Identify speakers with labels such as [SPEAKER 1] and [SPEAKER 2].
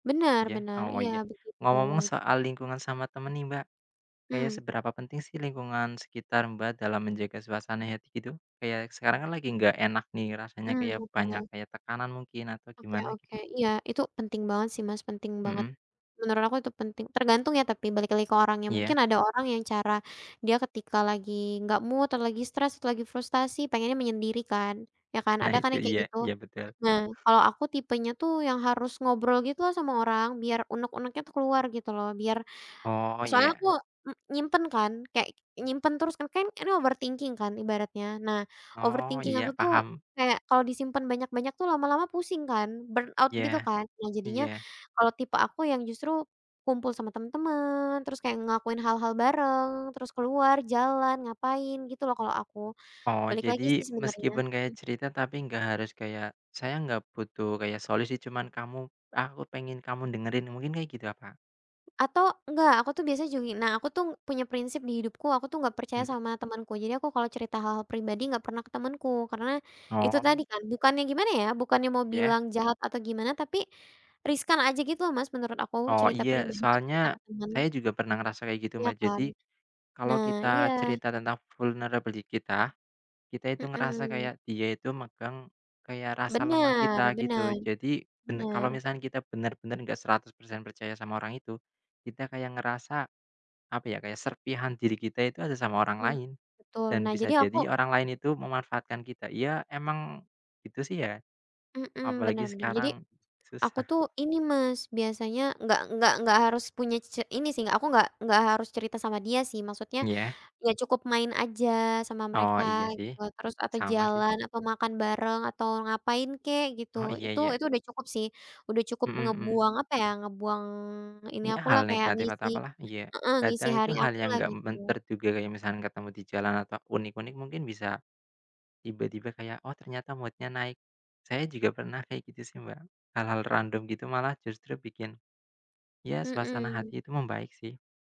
[SPEAKER 1] Bener
[SPEAKER 2] Iya,
[SPEAKER 1] bener
[SPEAKER 2] oh
[SPEAKER 1] iya
[SPEAKER 2] iya.
[SPEAKER 1] begitu.
[SPEAKER 2] Ngomong-ngomong soal lingkungan sama temen nih Mbak, kayak
[SPEAKER 1] Mmm.
[SPEAKER 2] seberapa penting sih lingkungan sekitar Mbak, dalam menjaga suasana hati gitu kayak sekarang kan lagi gak enak nih rasanya
[SPEAKER 1] Mmm,
[SPEAKER 2] kayak banyak
[SPEAKER 1] oke.
[SPEAKER 2] kayak tekanan mungkin atau
[SPEAKER 1] Oke
[SPEAKER 2] gimana
[SPEAKER 1] oke
[SPEAKER 2] gitu?
[SPEAKER 1] iya itu penting banget sih Mas, penting banget,
[SPEAKER 2] Mhm.
[SPEAKER 1] menurut aku itu penting, tergantung ya tapi balik lagi ke orangnya mungkin
[SPEAKER 2] Iya.
[SPEAKER 1] ada orang yang cara, dia ketika lagi gak mood atau lagi stres atau lagi frustasi pengennya menyendiri kan, ya kan
[SPEAKER 2] Nah
[SPEAKER 1] ada kan
[SPEAKER 2] itu
[SPEAKER 1] yang kayak
[SPEAKER 2] iya,
[SPEAKER 1] gitu,
[SPEAKER 2] iya betul.
[SPEAKER 1] nah kalau aku tipenya tuh yang harus ngobrol gitu loh sama orang biar unek-uneknya tuh keluar gitu loh biar
[SPEAKER 2] Oh
[SPEAKER 1] soalnya
[SPEAKER 2] iya.
[SPEAKER 1] aku m nyimpen kan kayak
[SPEAKER 2] Mmm.
[SPEAKER 1] nyimpen terus kan, kan ini overthinking kan ibaratnya. Nah
[SPEAKER 2] Oh
[SPEAKER 1] overthinking
[SPEAKER 2] iya
[SPEAKER 1] aku tuh
[SPEAKER 2] paham.
[SPEAKER 1] kayak kalo disimpen banyak-banyak tuh lama-lama pusing kan burn out gitu
[SPEAKER 2] Iya,
[SPEAKER 1] kan. Nah jadinya
[SPEAKER 2] iya.
[SPEAKER 1] kalo tipe aku yang justru kumpul sama temen-temen, terus kayak ngelakuin hal-hal bareng, terus keluar jalan ngapain gitu loh kalo aku,
[SPEAKER 2] Oh
[SPEAKER 1] balik lagi
[SPEAKER 2] jadi
[SPEAKER 1] sih sebenernya,
[SPEAKER 2] meskipun kayak
[SPEAKER 1] mmm.
[SPEAKER 2] cerita tapi gak harus kayak, "Saya gak butuh kayak solusi cuman kamu aku pengen kamu dengerin," mungkin kayak gitu ya Kak?
[SPEAKER 1] Atau enggak aku tuh biasanya [unintelligible] nah aku tuh punya prinsip di hidupku aku tuh gak percaya
[SPEAKER 2] Mhm.
[SPEAKER 1] sama temanku. Jadi aku kalau cerita hal-hal pribadi gak pernah ke temanku karena, itu tadi
[SPEAKER 2] Oh.
[SPEAKER 1] kan bukannya gimana ya bukannya mau
[SPEAKER 2] Ya?
[SPEAKER 1] bilang jahat atau gimana tapi, riskan aja gitu loh Mas, menurut aku
[SPEAKER 2] Oh
[SPEAKER 1] cerita
[SPEAKER 2] iya
[SPEAKER 1] pribadiku cerita ke
[SPEAKER 2] soalnya,
[SPEAKER 1] temen.
[SPEAKER 2] saya juga pernah ngerasa kayak gitu
[SPEAKER 1] Iya
[SPEAKER 2] Mbak,
[SPEAKER 1] kan,
[SPEAKER 2] jadi, kalau
[SPEAKER 1] nah iya.
[SPEAKER 2] kita cerita tentang vulnerable di kita, kita itu ngerasa
[SPEAKER 1] Mhm.
[SPEAKER 2] kayak dia itu megang, kayak rasa lemah
[SPEAKER 1] Benar
[SPEAKER 2] kita gitu
[SPEAKER 1] benar,
[SPEAKER 2] jadi, ben kalau
[SPEAKER 1] benar.
[SPEAKER 2] misalkan kita bener-bener gak 100% percaya sama orang itu, kita kayak ngerasa, apa ya kayak serpihan diri kita itu ada sama orang
[SPEAKER 1] Mhm,
[SPEAKER 2] lain,
[SPEAKER 1] betul
[SPEAKER 2] dan
[SPEAKER 1] nah
[SPEAKER 2] bisa
[SPEAKER 1] jadi aku
[SPEAKER 2] jadi orang lain itu memanfaatkan kita. Iya emang, gitu sih ya,
[SPEAKER 1] Mhm, bener
[SPEAKER 2] apalagi
[SPEAKER 1] bener jadi,
[SPEAKER 2] sekarang
[SPEAKER 1] aku
[SPEAKER 2] susah.
[SPEAKER 1] tuh ini Mas, biasanya nggak nggak nggak harus punya c ini sih aku gak gak harus cerita sama dia sih maksudnya,
[SPEAKER 2] Iya.
[SPEAKER 1] ya cukup main aja sama
[SPEAKER 2] Oh
[SPEAKER 1] mereka
[SPEAKER 2] iya
[SPEAKER 1] gitu
[SPEAKER 2] sih,
[SPEAKER 1] loh terus atau
[SPEAKER 2] sama sih.
[SPEAKER 1] jalan atau makan bareng atau ngapain kek gitu.
[SPEAKER 2] Oh iya
[SPEAKER 1] Itu
[SPEAKER 2] iya.
[SPEAKER 1] itu udah cukup sih, udah cukup
[SPEAKER 2] Mhm mhm.
[SPEAKER 1] ngebuang apa ya, ngebuang ini
[SPEAKER 2] Iya
[SPEAKER 1] akulah
[SPEAKER 2] hal
[SPEAKER 1] kayak
[SPEAKER 2] negatif atau
[SPEAKER 1] ngisi
[SPEAKER 2] apalah, iya
[SPEAKER 1] heeh, ngisi
[SPEAKER 2] kadang itu
[SPEAKER 1] hari
[SPEAKER 2] hal yang
[SPEAKER 1] akulah
[SPEAKER 2] gak mem
[SPEAKER 1] gitu.
[SPEAKER 2] terduga kayak misalnya ketemu di jalan atau unik-unik mungkin bisa, tiba-tiba kayak oh ternyata mood-nya naik, saya juga pernah kayak gitu sih Mbak, hal-hal random gitu malah justru bikin, iya suasana
[SPEAKER 1] Mhm.
[SPEAKER 2] hati itu membaik sih.